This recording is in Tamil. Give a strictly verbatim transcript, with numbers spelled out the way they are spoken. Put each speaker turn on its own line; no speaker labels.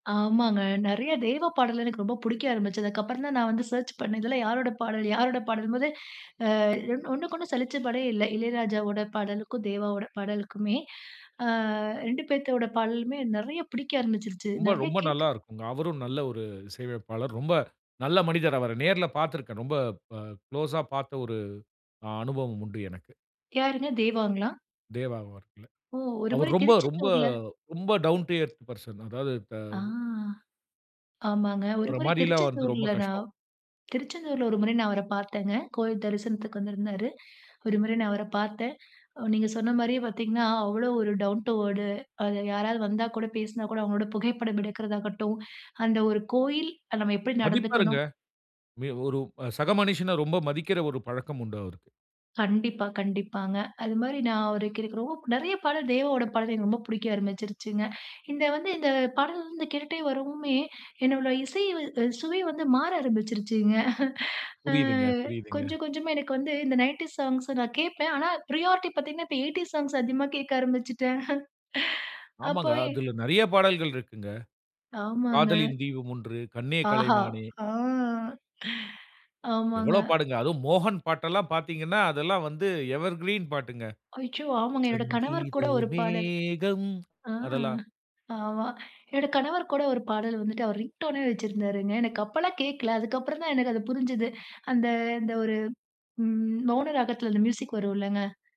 ஆமாங்க. நிறைய தேவாப் பாடல் எனக்கு ரொம்ப பிடிக்க ஆரம்பிச்சது. அதுக்கு அப்புறம் தான் நான் வந்து சர்ச் பண்ணேன். இதிலாம் யாரோடய பாடல்? யாரோட பாடலும்போது, அ ஒண்ணுக்கு ஒண்ணு சலிச்ச பாடே இல்ல. இளையராஜாவோட பாடலுக்கும், தேவாவோட பாடலுக்குமே! ஆ, ரெண்டு பேத்தோட பாடலுமே நிறைய பிடிக்க ஆரம்பிச்சுடுச்சு.
ரொம்ப
நிறைய
ரொம்ப நல்லா
கேட்க
இருக்குங்க. அவரும் நல்ல ஒரு இசை அமைப்பாளர். ரொம்ப நல்ல மனிதர், அவர நேர்ல பார்த்திருக்கேன். ரொம்ப அ குளோஸா பார்த்த ஒரு அ அனுபவம் உண்டு எனக்கு.
யாருங்க தேவாங்களா?
தேவா அவர்கள,
ஓ! ஒரு
அவரு
முறை
ரொம்ப ரொம்ப
திருச்செந்தூர்ல
ரொம்ப டவுன் டீ எர்த் பர்ஷன் அதாவது த
ஆ, ஆமாங்க. ஒரு
அவர
முறை
மாரில்லாம் வர்றது ரொம்ப
திருச்செந்தூர்ல
கஷ்டம்.
நான் திருச்செந்தூர்ல ஒரு முறை நான் அவர பார்த்தேங்க. கோயில் தரிசனத்துக்கு வந்திருந்தாரு. ஒரு முறை நான் அவர பார்த்தேன். அ நீங்க சொன்னமாரியே பார்த்தீங்கன்னா, அவ்ளோ ஒரு டவுன் டூ வேர்டு அ யாராவது வந்தா கூட பேசினா கூட அவுங்களோட புகைப்படம் எடுக்கிறதாகட்டும், அந்த ஒரு கோயில், நம்ம எப்பிடி
மதிப்பாருங்க.
நடந்துக்கணும்?
மே ஒரு அ சக மனிஷன ரொம்ப மதிக்கிற ஒரு பழக்கம் உண்டு, அவருக்கு.
கண்டிப்பா, கண்டிப்பாங்க. அதுமாரி நான் ஒரு அவருக்கு ரொம்ப நிறைய பாடல் தேவாவோட பாடல் எனக்கு ரொம்ப பிடிக்க ஆரம்பிச்சுருச்சுங்க. இந்த வந்து இந்த பாடல் வந்து கேட்டுகிட்டே வரவுமே என்னோட இசை அ சுவை வந்து மாற ஆரம்பிச்சுருச்சுங்க. அ
புரியுதுங்க, புரியுதுங்க.
கொஞ்சம், கொஞ்சமா எனக்கு வந்து இந்த நயன்டீஸ் சாங்ஸ் நான் கேட்பேன். ஆனா ப்ரியாரிட்டி பார்த்தீங்கன்னா, இப்ப எயிட்டீஸ் சாங்ஸ் அதிகமா கேட்க ஆரம்பிச்சுட்டேன். அப்போ
ஆமாங்க.
என்
அதுல நிறைய பாடல்கள் இருக்குங்க.
ஆமாங்க.
காதலின் தீபம் ஒன்று, கண்ணே
ஆஹா!
கலைமானே!
ஆ ஆமாங்க.
எவ்ளோ பாட்டுங்க. அதுவும் மோகன் பாட்டெல்லாம் பார்த்தீங்கன்னா, அதெல்லாம் வந்து எவர்கிரீன் பாட்டுங்க.
அய்யோ! ஆமாங்க. என்னோட கணவர்
சங்கீத
கூட ஒரு பாடல்
மேகம்
ஆ,
அதெல்லாம்.
ஆமா. என்னோட கணவர் கூட ஒரு பாடல் வந்துட்டு அவர் ரிங்டோன்னே வச்சிருந்தாருங்க. எனக்கு அப்பல்லாம் கேட்கல. அதுக்கு அப்புறம் தான் எனக்கு அது புரிஞ்சது. அந்த, அந்த ஒரு ம், மௌன ராகத்தில அந்த மியூசிக் வரும் இல்லங்க?